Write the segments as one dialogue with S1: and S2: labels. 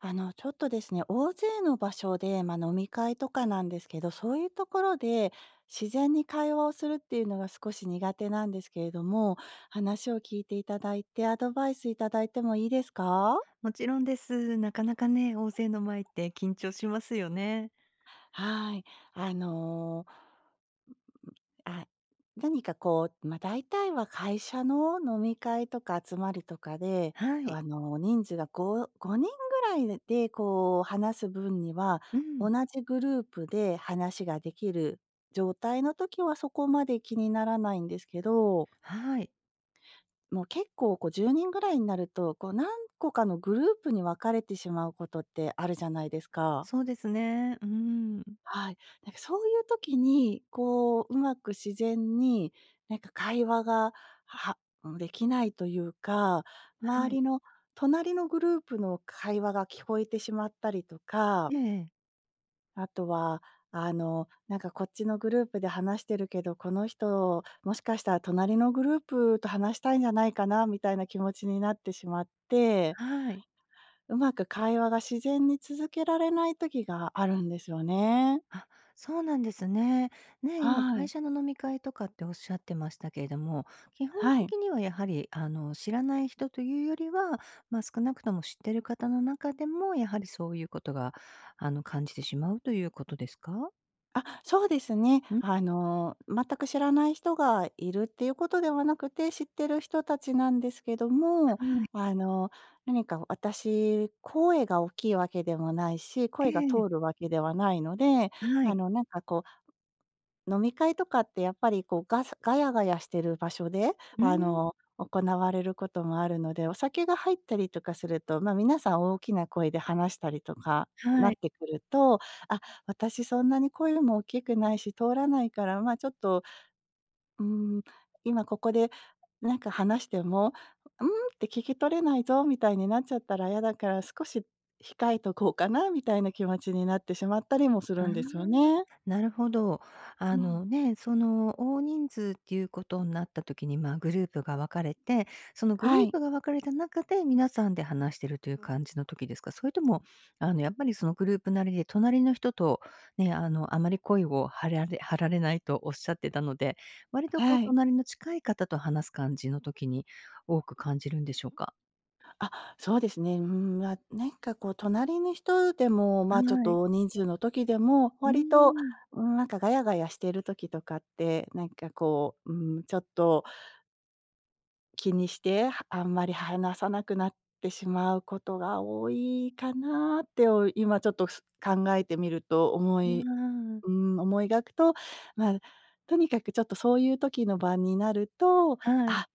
S1: あの、ちょっとですね、大勢の場所で、ま、飲み会とかなんですけど、そういうところで、自然に会話をするっていうのが少し苦手なんですけれども、話を聞いていただいて、アドバイスいただいてもいいですか？
S2: もちろんです。なかなかね、大勢の前って緊張しますよね。
S1: はい。あの、うーん、あ、何か、こう、ま、大体は会社の飲み会とか集まりとかで、
S2: は
S1: そ、
S2: い。
S1: あの、人数が5、5人ぐらいで、こう、話す分には、
S2: うん。
S1: 同じグループで話ができる状態の時は、そこまで気にならないんですけど
S2: はい。
S1: もう、結構、こ、10人ぐらいになると、こう、何個かのグループに分かれてしまうことってあるじゃないですか。
S2: そうですね。うーん。
S1: はい。なんか、そういう時に、こう、うまく自然に、なんか、会話が、はん、できないというか、周
S2: はい。
S1: りの、隣のグループの会話が聞こえてしまったりとか。
S2: ええ。
S1: あとは、あの、なんか、こっちのグループで話してるけど、この人もしかしたら、隣のグループと話したいんじゃないかな、みたいな気持ちになってしまって
S2: はい。
S1: うまく会話が自然に続けられない時があるんですよね。
S2: あ、そうなんですね。ね、今、
S1: は
S2: 会
S1: い。
S2: 社の飲み会とかって仰ってましたけれども、基本
S1: はい。
S2: 的には、やはり、あの、知らない人というよりはまあ、少なくとも知ってる方の中でも、やはり、そういうことが、あの、感じてしまうということですか？
S1: あ、そうですね。
S2: うん？
S1: あの、全く知らない人がいるっていうことではなくて、知ってる人たちなんですけども。
S2: はい。
S1: あの、何か私、声が大きいわけでもないし、
S2: え
S1: 声が
S2: えええ。
S1: 通るわけではないので、
S2: は
S1: あ
S2: い。
S1: の、なんかこう飲み会とかってやっぱりこう、ガサガヤガヤしている場所で、
S2: う
S1: あ
S2: ん。
S1: の、行われることもあるので、お酒が入ったりとかすると、ま、皆さん大きな声で話したりとかな
S2: は
S1: っ
S2: い。
S1: てくると、あ、私そんなに声も大きくないし、通らないから、ま、ちょっと、うーん、今ここでなんか話しても、ん？って聞き取れないぞ、みたいになっちゃったら嫌だから、少し控えとこうかな、みたいな気持ちになってしまったりもす
S2: あ
S1: る
S2: あ、
S1: んですよね。
S2: なるほど。
S1: う
S2: あ
S1: ん。
S2: の、ね、その、大人数っていうことになったときに、まあ、グループが分かれて、そのグル
S1: は
S2: ー
S1: い。
S2: プが分かれた中で、皆さんで話してるという感じのときですか？それとも、あの、やっぱり、その、グループなりで、隣の人と、ね、あの、あまり声を張られ張られないとおっしゃってたので、割と、こう、
S1: はい。
S2: 隣の近い方と話す感じのときに、多く感じるんでしょうか？
S1: あ、そうですね。うん、あ、なんかこう、隣の人でも、ま
S2: は
S1: あ、ちょっ
S2: い。
S1: と大人数の時でも、
S2: うー
S1: 割と、
S2: ん。
S1: うん、なんかガヤガヤしてる時とかって、なんかこう、うん、ちょっと気にして、は、あんまり話さなくなってしまうことが多いかなって、お、今ちょっとす、考えてみると、思
S2: あ
S1: い
S2: あ。
S1: うーん、思い描くと、まあ、とにかくちょっとそういう時の場になると、
S2: はい。
S1: 「あ」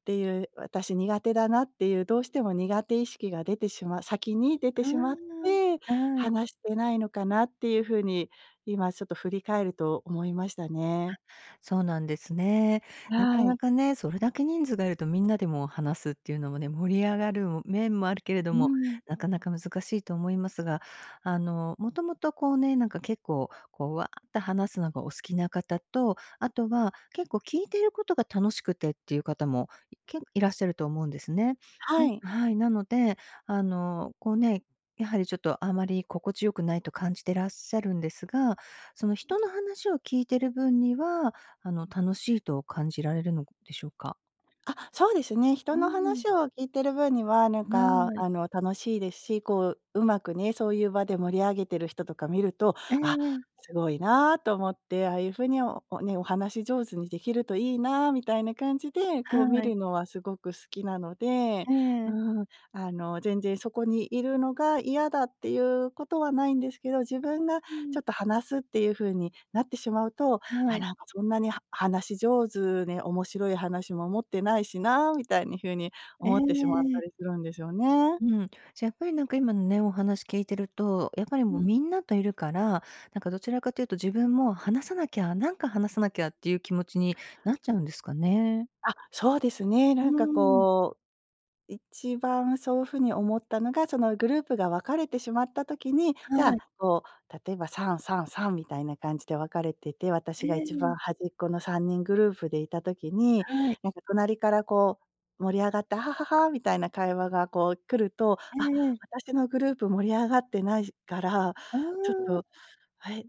S1: っていう、「私苦手だな」っていう、どうしても苦手意識が出てしま先に出て
S2: あ
S1: しまって、
S2: あ、はい。
S1: 話してないのかなっていう風に、今ちょっと振り返ると思いましたね。
S2: あ、そうなんですね。な
S1: は
S2: かな
S1: い。
S2: かね、それだけ人数がいると、みんなでもう話すっていうのもね、盛り上がる面もあるけれど
S1: う
S2: も、
S1: ん。
S2: なかなか難しいと思いますが。あの、もともと、こうね、なんか、結構、こう、わあって話すのがお好きな方と、あとは、結構、聞いてることが楽しくてっていう方も、けいらっしゃると思うんですね。
S1: は
S2: うん。
S1: い。
S2: はい。なので、あの、こうね、やはり、ちょっとあまり心地よくないと感じてらっしゃるんですが、その、
S1: うん。
S2: 人の話を聞いてる分には、あの、楽しいと感じられるのでしょうか？
S1: あ、そうですね。
S2: う
S1: 人の
S2: ん。
S1: 話を聞いてる分には、なん
S2: は
S1: か
S2: い。
S1: あの楽しいですし、こう、うまくね、そういう場で盛り上げてる人とか見ると、
S2: え
S1: 「あ、
S2: え。
S1: すごいな」と思って、ああいう風に、お、ね、お話し上手にできるといいなみたいな感じで、こう見
S2: はい。
S1: るのはすごく好きなので。
S2: え
S1: う
S2: え。
S1: ーん、あの、全然そこにいるのが嫌だっていうことはないんですけど、自分が
S2: う
S1: ち
S2: ん。
S1: ょっと話すっていう風になってしまうと、
S2: は
S1: 「あ、
S2: い。
S1: なんかそんなに、は話し上手に面白い話も持ってないしな」みたいに風に
S2: え
S1: 思ってしまった
S2: え。
S1: りするんですよね。
S2: うん。じゃ、やっぱりなんか、今のね、お話聞いてると、やっぱり
S1: う
S2: もう、
S1: ん。
S2: みんなといるから、なんか、どちらかというと自分も「話さなきゃ、なんか話さなきゃ」っていう気持ちになっちゃ
S1: [unintelligible]
S2: うんですかね。
S1: あ、そうですね。
S2: う
S1: なんか
S2: ん。
S1: こう、一番そう風に思ったのが、その、グループが分かれてしまった時に、じゃ
S2: はい。
S1: あ、こう、例えば3、3、3みたいな感じで分かれてて、私
S2: え
S1: が一番
S2: え。
S1: 端っこの3人グループでいた時に、
S2: はい。
S1: なんか隣からこう盛り上がって、アハハハ、みたいな会話がこう来ると、
S2: え
S1: あ、
S2: えええ。
S1: 私のグループ盛り上がってないから、
S2: あ
S1: ちょっ
S2: あ。
S1: と、「へ、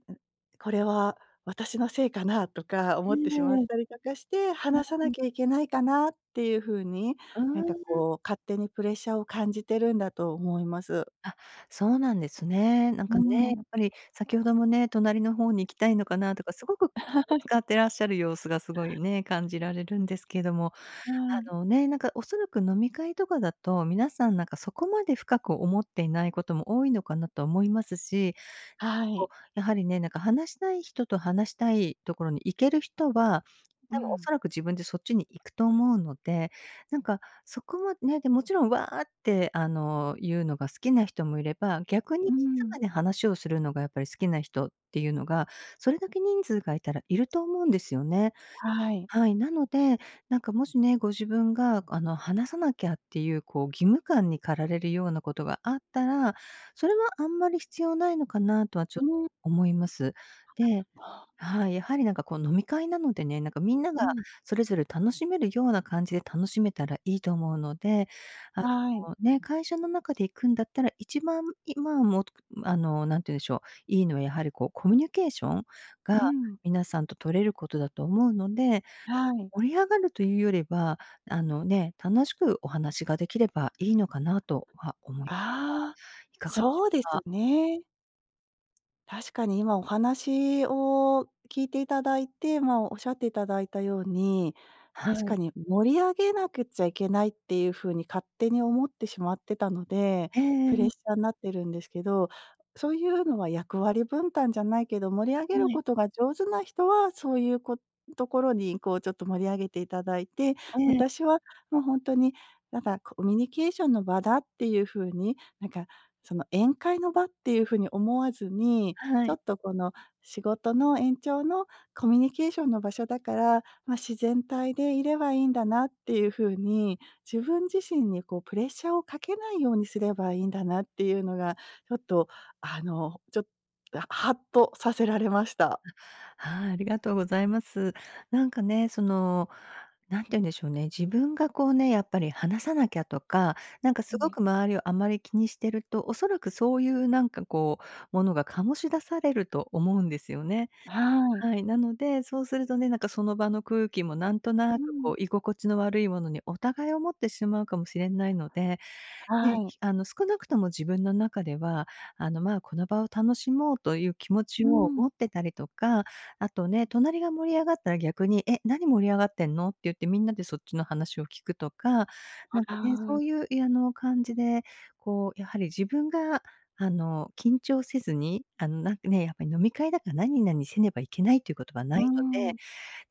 S1: これは私のせいかな？」とか思
S2: ええ
S1: ってしま
S2: ええ、
S1: っ
S2: は
S1: たりとかして、話さな
S2: い。
S1: きゃいけないかなっていう風に、
S2: あ
S1: なんか
S2: あ。
S1: こう勝手にプレッシャーを感じてるんだと思います。
S2: あ、そうなんですね。なん
S1: う
S2: かね、や
S1: ん。
S2: っぱり先ほどもね、隣のほうに行きたいのかなとか、すごく気 を
S1: はい。
S2: 使ってらっしゃる様子がすごいね、感じられるんですけども。
S1: は
S2: あ
S1: い。
S2: のね、なんかおそらく、飲み会とかだと、皆さん、なんか、そこまで深く思っていないことも多いのかなと思いますし、
S1: は
S2: こ
S1: い。
S2: う、やはりね、なんか、話したい人と話したい所に行ける人は、
S1: う
S2: 多分お
S1: ん。
S2: そらく自分でそっちに行くと思うので、なんかそこまね、で、もちろん、わあって、あの、いうのが好きな人もいれば、逆
S1: う
S2: に静
S1: ん。
S2: かに話をするのがやっぱり好きな人っていうのが、それだけ人数がいたらいると思うんですよね。
S1: はい。
S2: はい。なので、なんか、もしね、ご自分が、あの、話さなきゃっていう、こう、義務感に駆られるようなことがあったら、それはあんまり必要ないのかなとは、ちょ、
S1: うん。
S2: 思います。ではい、やはり、なんか、こう、飲み会なのでね、なんか、みんなが
S1: うん。
S2: それぞれ楽しめるような感じで楽しめたらいいと思うので、あ
S1: はい。
S2: の、ね、会社の中で行くんだったら、一番、今も、あの、何て言うんでしょう、いいのは、やはり、こう、コミュニケーションが
S1: うん。
S2: 皆さんと取れることだと思うので、
S1: はい。
S2: 盛り上がるというよりは、あの、ね、楽しくお話ができればいいのかなとは思いますが、
S1: ああ、
S2: いかがでしょ
S1: そうで
S2: う
S1: す
S2: か？
S1: ね。確かに、今お話を聞いていただいて、まあ、おっしゃっていただいたように、
S2: は
S1: 確
S2: い。
S1: かに盛り上げなくちゃいけないっていう風に勝手に思ってしまってたので、
S2: え
S1: プレ
S2: え。
S1: ッシャーになってるんですけど、そういうのは役割分担じゃないけど、盛り上げる
S2: はい。
S1: ことが上手な人は、そういう、こところにこうちょっと盛り上げていただいて。
S2: ええ。
S1: 私はもうほんとに、なんかコミュニケーションの場だっていう風に、なんかその宴会の場っていう風に思わずに、
S2: は
S1: ちょ
S2: い。
S1: っとこの仕事の延長のコミュニケーションの場所だから、ま、自然体でいればいいんだなっていう風に、自分自身にこうプレッシャーをかけないようにすればいいんだなっていうのが、ちょっとあの、ちょっとハッとさせられました。
S2: あ、はい、ありがとうございます。なんかね、その、何て言うんでしょうね、自分がこうね、やっぱり話さなきゃとか、なんか
S1: は
S2: すご
S1: い。
S2: く周りをあまり気にしてると、おそらくそういうなんかこう、ものが醸し出されると思うんですよね。
S1: はい。
S2: はい。なので、そうするとね、なんか、その場の空気も、なんとな
S1: う
S2: く
S1: ん。
S2: こう、居心地の悪いものに、お互い思ってしまうかもしれないので、
S1: は
S2: ね、
S1: い。
S2: あの、少なくとも自分の中では、あの、ま、この場を楽しもうという気持ち
S1: う
S2: を
S1: ん。
S2: 持ってたりとか、あとね、隣が盛り上がったら、逆に、え、何盛り上がってんの？って言って、みんなでそっちの話を聞くとか。なんかね、
S1: あ
S2: そ
S1: あ。
S2: ういう、あの、感じで、こう、やはり自分が、あの、緊張せずに、あの、なんかね、やっぱり、飲み会だから何々せねばいけないっていうことは
S1: う
S2: な
S1: ー
S2: いので。
S1: ん。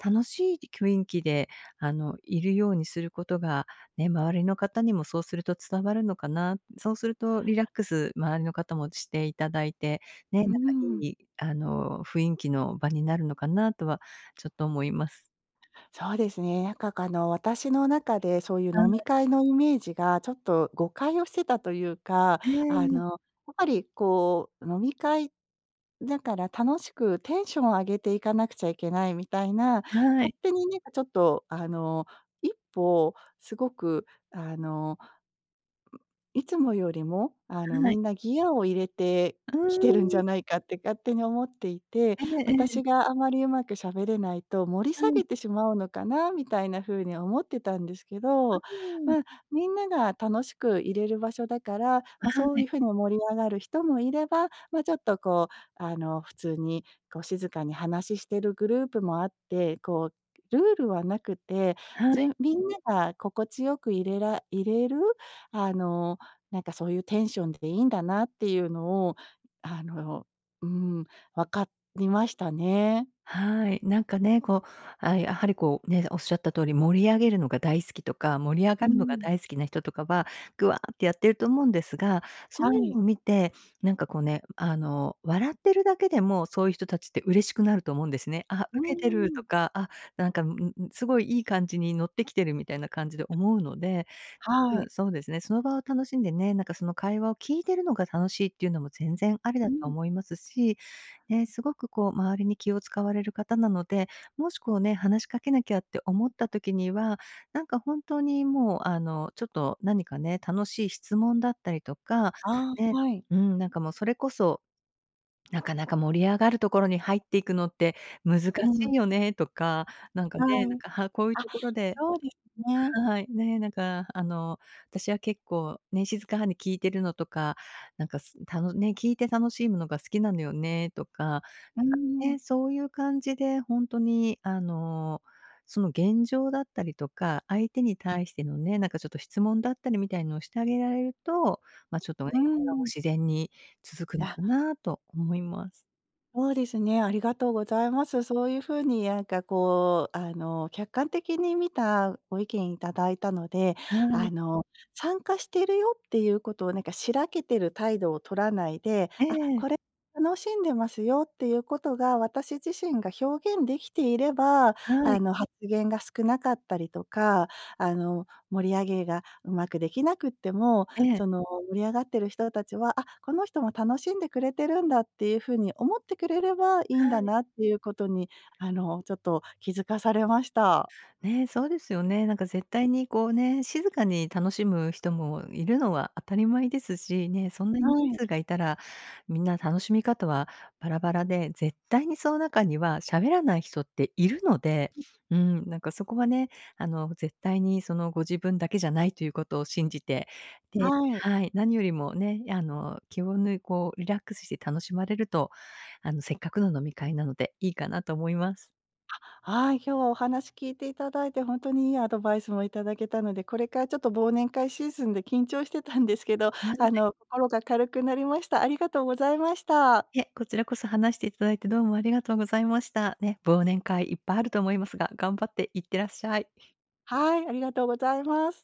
S2: 楽しい雰囲気で、あのいるようにすることが、ね、周りの方にもそうすると伝わるのかな。そうするとリラックス、周りの方もしていただいて、ね、な
S1: う
S2: ん
S1: ー
S2: か
S1: ん。
S2: いいあの雰囲気の場になるのかなとは、ちょっと思います。
S1: そうですね。なんか。あの、私の中でそういう
S2: は
S1: 飲み
S2: い。
S1: 会のイメージがちょっと誤解をしてたというか、
S2: え
S1: あ
S2: え。
S1: の、やっぱりこう飲み会だから、楽しくテンションを上げていかなくちゃいけないみたいな、
S2: は
S1: 勝
S2: い。
S1: 手になんかちょっとあの、一歩、すごくあのいつもよりも、あの、
S2: は
S1: み
S2: い。
S1: んなギアを入れて
S2: う
S1: きてるんじゃ
S2: ーん。
S1: ないかって勝手に思っていて。
S2: ええ、ええ。
S1: 私があまりうまく喋れないと盛り
S2: は
S1: 下げ
S2: い。
S1: てしまうのかな？みたいな風に思ってたんですけ
S2: う
S1: ど。
S2: ーん。
S1: ま、みんなが楽しくいれる場所だから、ま、
S2: は
S1: そうい
S2: い。
S1: う風に盛り上がる人もいれば。まあ、ちょっとこう、あの、普通にこう静かに話ししてるグループもあって。こうルールはなくて、
S2: は
S1: じ
S2: い。
S1: みんなが心地よく、いれらいれる、あの、なんかそういうテンションでいいんだなっていうのを、あの、うーん、分かりましたね。
S2: はい。なんかね、こう、あ、やはりこう、ね、おっしゃった通り、盛り上げるのが大好きとか、盛り上が
S1: うー
S2: るのが
S1: ん。
S2: 大好きな人とかは、ぐわってやってると思うんですが、そう
S1: は
S2: いう
S1: い。
S2: のを見て、なんかこうね、あの、笑ってるだけでも、そういう人達って嬉しくなると思うんですね。あ、
S1: う
S2: ウケてる
S1: ー
S2: と
S1: ん。
S2: か、あ、なんか、うんうん、すごいいい感じにノッてきてるみたいな感じで思うので。
S1: は
S2: う
S1: い。
S2: ん、そうですね、その場を楽しんでね、なんかその会話を聞いてるのが楽しいっていうのも、全然ありだ
S1: う
S2: と
S1: ん。
S2: 思いますし。ね、すごくこう、周りに気を使われる方なので、もしこうね、話しかけなきゃって思った時には、なんか本当にもう、あの、ちょっと何かね、楽しい質問だったりとか、
S1: ああ、
S2: ね、
S1: はい。
S2: うん、なんかもうそれこそ、なかなか盛り上がるところに入っていくのって難
S1: う
S2: しい
S1: ん。
S2: よねとか、なんか
S1: は
S2: ね、なん
S1: い。
S2: かこういう
S1: あ、
S2: ところで
S1: そうですね。
S2: はい。ね、なんかあの、私は結構ね、静かに聞いてるのとか、なんか、すたのね、聞いて楽しいものが好きなのよねとか。なんか
S1: うーん。
S2: ね、そういう感じでほんとにあの、その現状だったりとか、相手に対してのね、なんかちょっと質問だったりみたいなのをしてあげられると、ま、ちょっとね、
S1: うー
S2: 会話も
S1: ん。
S2: 自然に続くの
S1: あ。
S2: かなと思います。
S1: そうですね。ありがとうございます。そういうふうに、なんか、こうあの、客観的に見たご意見いただいたので。
S2: は
S1: あ
S2: い。
S1: の、参加しているよっていうことを、なんかしらけてる態度を取らないで、
S2: え
S1: あ、
S2: え。
S1: これ楽しんでますよっていうことが、私自身が表現できていれば、
S2: は
S1: あ
S2: い。
S1: の、発言が少なかったりとか、あの、盛り上げがうまくできなくっても、
S2: ええ。
S1: その、盛り上がっている人たちは、「あ、この人も楽しんでくれてるんだ」っていうふうに、思ってくれればいいん
S2: は
S1: だ
S2: い。
S1: なっていうことに、あの、ちょっと気づかされました。
S2: ね、そうですよね。なんか、絶対に、こう、ね、静かに楽しむ人もいるのは当たり前ですしね。そんな
S1: は
S2: に人
S1: い。
S2: 数がいたら、みんな楽しみ方はバラバラで、絶対にその中にはしゃべらない人っているので。うん。なんかそこはね、あの、絶対に、その、ご自分だけじゃないということを信じて、で
S1: はい。
S2: はい。何よりもね、あの、気を抜いこうリラックスして楽しまれると、あの、せっかくの飲み会なので、いいかなと思います。
S1: あ、はい。今日はお話聞いていただいて、本当にいいアドバイスもいただけたので、これからちょっと忘年会シーズンで緊張してたんですけど、あ の、心が軽くなりました。ありがとうございました。
S2: いえ、こちらこそ話していただいて、どうもありがとうございました。ね、忘年会いっぱいあると思いますが、頑張って行ってらっしゃい。
S1: はい、ありがとうございます。